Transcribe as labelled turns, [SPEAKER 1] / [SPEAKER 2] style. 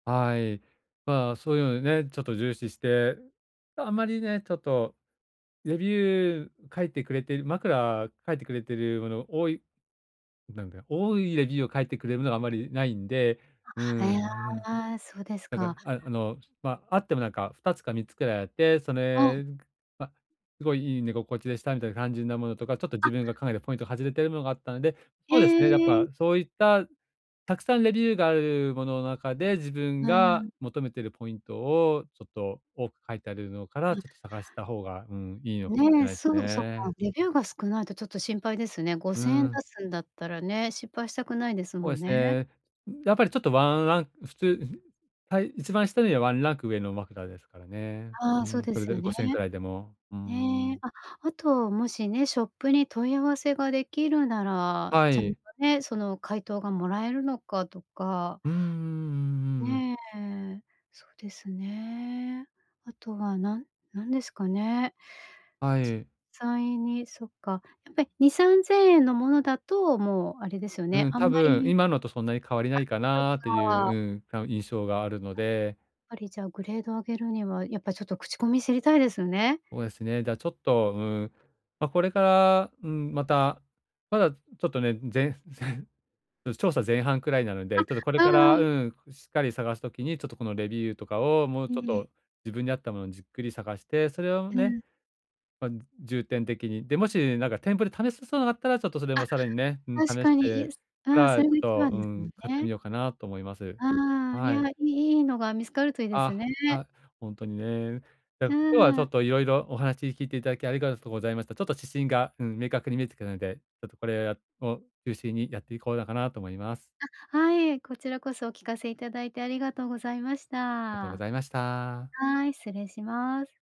[SPEAKER 1] はい。まあ、そういうのでね、ちょっと重視して、あまりね、ちょっとレビュー書いてくれてる枕書いてくれているもの多いなんか、多いレビューを書いてくれるのがあまり無いんで、うん
[SPEAKER 2] あ、
[SPEAKER 1] う
[SPEAKER 2] え、
[SPEAKER 1] ん。
[SPEAKER 2] ああ、あ、そうです
[SPEAKER 1] なん
[SPEAKER 2] か。
[SPEAKER 1] か、あ、あの、ま、あってもなんか、2つか3つくらいあって、そ
[SPEAKER 2] うん。
[SPEAKER 1] れ、くま、すごいいい寝心地でしたみたいな感じなものとか、ちょっと自
[SPEAKER 2] あ
[SPEAKER 1] 分が考えたポイント外れてるものがあったので、
[SPEAKER 2] へ
[SPEAKER 1] そうですね、やっ
[SPEAKER 2] え。
[SPEAKER 1] ぱ、そういった、たくさんレビューがあるものの中で、自分
[SPEAKER 2] う
[SPEAKER 1] が
[SPEAKER 2] ん。
[SPEAKER 1] 求めてるポイントを、ちょっと多く書いてあるのか
[SPEAKER 2] う
[SPEAKER 1] ら、
[SPEAKER 2] ん。
[SPEAKER 1] ちょっと探した方が、うん、いいのしれ
[SPEAKER 2] ね、
[SPEAKER 1] ないす
[SPEAKER 2] そうそっか、
[SPEAKER 1] ね。
[SPEAKER 2] レビューが少ないとちょっと心配ですね。ご
[SPEAKER 1] う
[SPEAKER 2] せんえん出
[SPEAKER 1] ん。
[SPEAKER 2] すんだったらね、失敗したくないです
[SPEAKER 1] お
[SPEAKER 2] も
[SPEAKER 1] え
[SPEAKER 2] ん
[SPEAKER 1] す
[SPEAKER 2] ね。
[SPEAKER 1] ね。やっぱりちょっとワンラン普通んふさい一番下よりはワンランク上の枕ですからね。
[SPEAKER 2] あ
[SPEAKER 1] う
[SPEAKER 2] あ、そう
[SPEAKER 1] ん、
[SPEAKER 2] で
[SPEAKER 1] それ
[SPEAKER 2] すよ
[SPEAKER 1] で
[SPEAKER 2] ね。
[SPEAKER 1] 5,000円くらいでも、うー
[SPEAKER 2] ね、
[SPEAKER 1] ん。
[SPEAKER 2] あ、あともしね、ショップに問い合わせが出来るなら、
[SPEAKER 1] は
[SPEAKER 2] ちゃんと
[SPEAKER 1] い。
[SPEAKER 2] ね、その回答がもらえるのかとか。
[SPEAKER 1] うんうんうんうん。
[SPEAKER 2] ね、そうですね。あとはなん何ですかね。
[SPEAKER 1] は
[SPEAKER 2] 実
[SPEAKER 1] い。
[SPEAKER 2] 際にそっか、やっぱり2、3,000円のものだと、もうあれですよ
[SPEAKER 1] う
[SPEAKER 2] ね、
[SPEAKER 1] ん、
[SPEAKER 2] あん
[SPEAKER 1] 多
[SPEAKER 2] ま
[SPEAKER 1] 分
[SPEAKER 2] り
[SPEAKER 1] 今のとそんなに変わりないか
[SPEAKER 2] あ、そっ
[SPEAKER 1] なってい
[SPEAKER 2] か。
[SPEAKER 1] う、うん、たう、印象があるの
[SPEAKER 2] あ、
[SPEAKER 1] で。
[SPEAKER 2] ぱりじゃあ、グレードを上げるには、やっぱ、ちょっと口コミ知りたいですよね。
[SPEAKER 1] おえすね、だ、ちょっと、うん、ま、これから、うん、また、まだちょっとね、全然、うす調査前半くらいなの
[SPEAKER 2] あ、
[SPEAKER 1] で、ちょっとこれ
[SPEAKER 2] う
[SPEAKER 1] か
[SPEAKER 2] ん
[SPEAKER 1] ら、
[SPEAKER 2] うん。
[SPEAKER 1] うん、こうしっかり探す時に、ちょっとこのレビューとかを、もう
[SPEAKER 2] え
[SPEAKER 1] ちょっ
[SPEAKER 2] え。
[SPEAKER 1] と自分に合ったものをじっくり探して、それを
[SPEAKER 2] う
[SPEAKER 1] ね、
[SPEAKER 2] ん。
[SPEAKER 1] ま、重点的に。で、もし、なんか店舗で試せそうなのがあったら、ちょっとそれ
[SPEAKER 2] あ、
[SPEAKER 1] もさらにね、うん、
[SPEAKER 2] 確
[SPEAKER 1] 試し
[SPEAKER 2] かに。いや、
[SPEAKER 1] て
[SPEAKER 2] すう
[SPEAKER 1] か
[SPEAKER 2] ん、そ
[SPEAKER 1] ら、ち
[SPEAKER 2] れが
[SPEAKER 1] ょっ
[SPEAKER 2] 一
[SPEAKER 1] と、
[SPEAKER 2] 番
[SPEAKER 1] う
[SPEAKER 2] ですよ
[SPEAKER 1] ん、買って
[SPEAKER 2] ね。
[SPEAKER 1] みようかなと思います。
[SPEAKER 2] ああ、い
[SPEAKER 1] はい。
[SPEAKER 2] や、いいいのが見つかるといいです
[SPEAKER 1] あ、
[SPEAKER 2] ね。
[SPEAKER 1] あ、ほんとにね。や、
[SPEAKER 2] う
[SPEAKER 1] 今日はちょ
[SPEAKER 2] ん。
[SPEAKER 1] っと色々お話聞いていただきありがとございました。ちょっと指針が、うん、明確に見えてくるので、ちょっとこれやを中心にやっていこうだかなと思います。
[SPEAKER 2] あ、はい、こちらこそお聞かせいただいてありがとうございまし
[SPEAKER 1] あとご
[SPEAKER 2] た。
[SPEAKER 1] ざいました。
[SPEAKER 2] はい、失礼します。